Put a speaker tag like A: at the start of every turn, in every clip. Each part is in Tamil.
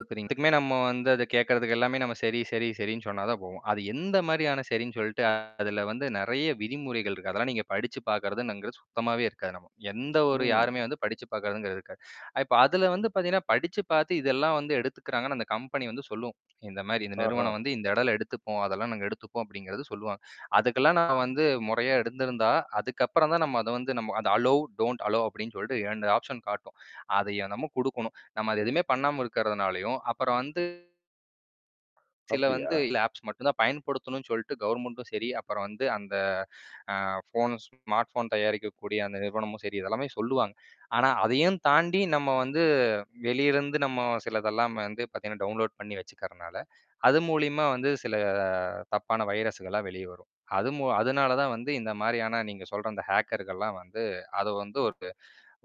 A: பாக்குறீங் இதுக்குமே நம்ம வந்து அத கேட்கறதுக்கு எல்லாமே சரி சரி சரின்னு சொன்னா தான் போகும். அது எந்த மாரியான சரின் சொல்ட்டு அதில வந்து நெறைய விதிமுறைகள் இருக்கு. அதெல்லாம் நீங்க படிச்சு பார்க்குறதுங்குறது சுத்தமாவே இருக்காது நமக்கு. எந்த ஒரு
B: ம்.
A: யாருமே வந்து படிச்சுப் பார்க்கதவங்க இருக்காது. இப்ப அதில வந்து பார்த்தீங்கன்னா, படிச்சு பார்த்து இதெல்லாம் வந்து எடுத்துக்குறாங்கனா. அந்த கம்பெனி வந்து சொல்லும் இந்த மாரி இந்த நிறுவனம்
B: ஆஹ.
A: வந்து இந்த இடையில எடுத்துப்போம். அதெல்லாம் நாங்க எடுத்துப்போம் அப்டிங்கிறது சொல்லுவாங்க. அதுக்கெல்லாம் நான் வந்து முறையா இருந்திருந்தா, அதுக்கப்புறம் தான் நம்ம அத வந்து நம்ம அத அலோ டோன்ட் அலோ அப்டின்னு சொல்ட்டு 2 ஆப்ஷன் காட்டும். அதை நம்ம குடுக்கணும். நம்ம அது எதுவுமே பண்ணாம இருக்கறதுனாலயும் அப்புறம் வந்து சில வந்து
B: அப்டியா?
A: இல்ல ஆப்ஸ் மட்டும் தான் பயன்படுத்தணும்னு சொல்ட்டு கவர்மெண்ட்டும் சரி, அப்புறம் வந்து அந்த ஆ ஃபோன் ஸ்மார்ட் ஃபோன் தயாரிக்கக்கூடிய அந்த நிறுவனமும் சரி இதெல்லாமே சொல்லுவாங்க. ஆனா, அதையும் தாண்டி நம்ம வந்து வெளியே இருந்து நம்ம சிலதெல்லாம் வந்து பார்த்தீங்கன்னா, டவுன்லோட் பண்ணி வச்சுக்கிறனால, அது மூலியமா வந்து சில தப்பான வைரஸுகளாம் வெளியே வரும். அது மூ அதனால தான் வந்து இந்த மாரியான நீங்க சொல்ற அந்த ஹேக்கர்கள்லாம் வந்து அத வந்து ஒருக்கு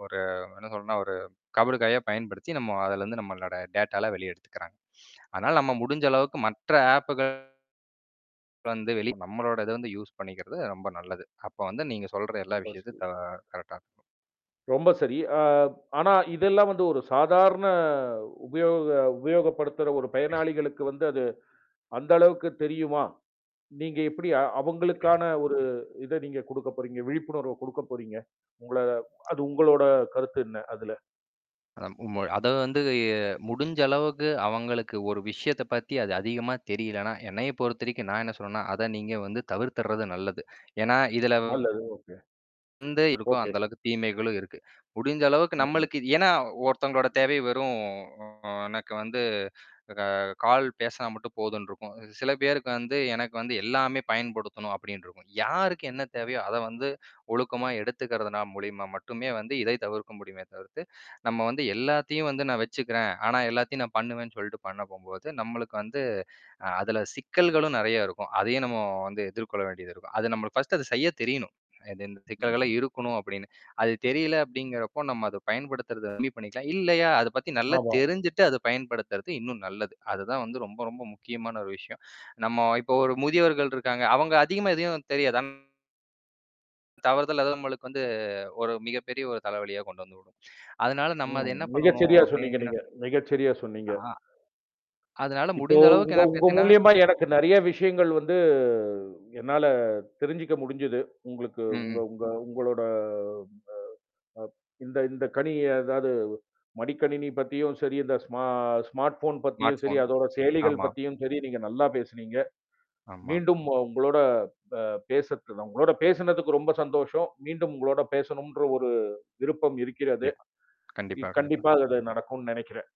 A: ஒரு என்ன சொல்னா ஒரு கபடு காயா பயன்படுத்தி நம்ம அதுலேருந்து நம்மளோட டேட்டாலாம் வெளியே எடுத்துக்கிறாங்க அதனால நம்ம முடிஞ்ச அளவுக்கு மற்ற ஆப்கள் அப்புறம் வந்து வெளிய நம்மளோட இத வந்து யூஸ் பண்ணிக்கிறது ரொம்ப நல்லது. அப்ப வந்து நீங்க சொல்ற எல்லா
B: ரொம்ப சரி.
A: விஷயத்தையும் தா கரெக்டா இருக்கும்.
B: ரொம்ப சரி. ஆ ஆனா இதெல்லாம் வந்து ஒரு சாதாரண உபயோக உபயோகப்படுத்துற ஒரு பயனாளிகளுக்கு வந்து அது அந்த அளவுக்கு தெரியுமா? நீங்க எப்டி அ அவங்களுக்கான ஒரு இத நீங்க குடுக்க போறீங்க? விழிப்புணர்வு குடுக்கப் போறீங்க? உங்கள அது உங்களோட கருத்து என்ன அதுல?
A: ம். [unintelligible] அத வந்து வந்து முடிஞ்ச அளவுக்கு அவங்களுக்கு ஒரு விஷயத்த பத்தி அது அதிகமா தெரியலன்னா, என்னைய பொறுத்தவரைக்கும் நான் என்ன சொல்றேன்னா, அத நீங்க வந்து தவிர்த்துடுறது நல்லது. ஏனா இதில
B: நல்லது ஒகே. ஒகே.
A: இந்த இருக்கோ
B: ஒகே.
A: அந்த அளவுக்கு தீமைகளும் இருக்கு. முடிஞ்ச அளவுக்கு
B: ம், ம்.
A: நம்மளுக்கு இ ஏன்னா, ஒருத்தவங்களோட தேவை வெறும் எனக்கு வந்து, ஆ கால் பேசுனா மட்டும் போதுன்னு இருக்கும். சில பேருக்கு வந்து "எனக்கு வந்து எல்லாமே பயன்படுத்தணும்" அப்டின்ருக்கும். யாருக்கு என்ன தேவையோ அத வந்து ஒழுக்கமா எடுத்துக்கிறதுனா, மூலியமா மட்டுமே வந்து இதை தவிர்க்க முடியுமே தவிர்த்து நம்ம வந்து "எல்லாத்தையும் வந்து நான் வச்சுக்குறேன். ஆனா, எல்லாத்தையும் நான் பண்ணுவேன்" சொல்ட்டு பண்ண போம்போது, நம்மளுக்கு வந்து அதுல சிக்கல்களும் நெறைய இருக்கும். அதையும் நம்ம வந்து எதிர்கொள்ள வேண்டியதுருக்கும். அது நம்மளுக்கு ஃபர்ஸ்ட்டு அத செய்ய தெரியணும். எதுன் சிக்கல்கள்
B: ம்ஹ்ம்.
A: இருக்கணும் அப்டின்னு. அது தெரியல அப்டிங்கிறப்போ நம்ம அத பயன்படுத்துறது கம்மி பண்ணிக்கலாம். இல்லையா, அத பத்தி நல்லா
B: ஆமா.
A: தெரிஞ்சுட்டு அத பயன்படுத்துறது இன்னும் நல்லது. அதுதான் வந்து ரொம்ப ரொம்ப முக்கியமான ஒரு விஷயம் நம்ம இப்போ ஒரு முதியவர்கள் இருக்காங்க அவங்க அதிகமா எதையும் தெரியாது. ஆன் தவறுதலா எதா நம்ளுக்கு வந்து ஒரு மிகப்பெரிய தலைவலியா கொண்டு வந்து விடும். அதனால நம்ம அத
B: ம்.
A: என்ன
B: மிக
A: பண்ணனும்
B: சரியா சொன்னீங்க
A: அப்டின்னு.
B: நீங்க. மிக சரியா சொன்னீங்க.
A: ஆ. அதனால
B: இப்போ
A: முடிந்த அளவுக்கு
B: உங்க
A: என்ன
B: உங்க
A: பார்த்தீங்கன்னா
B: மூலியமா எனக்கு நெறைய விஷயங்கள் வந்து என்னால தெரிஞ்சுக்க முடிஞ்சது. உங்களுக்கு உங்க
A: ம்.
B: உங்க உங்களோட அ இந்த இந்த கணினி அதாவது மடிக்கணினி பத்தியும் சரி, இந்த ஸ்மா ஸ்மார்ட் ஃபோன்
A: ஸ்மார்ட்
B: பத்தியும் சரி,
A: ஃபோன்
B: அதோட செயலிகள்
A: ஆமா.
B: பத்தியும் சரி நீங்க நல்லா பேசினீங்க.
A: ஆமா.
B: மீண்டும் ஓ உங்களோட அ பேசதுக்கு உங்களோட பேசினதுக்கு ரொம்ப சந்தோஷம். மீண்டும் உங்களோட பேசணும்ன்ற ஒரு விருப்பம் இருக்கிறது.
A: கண்டிப்பா
B: இ
A: கண்டிப்பா கண்டிப்பாக.
B: கண்டிப்பா அது நடக்குனு நெனைக்கிறேன்.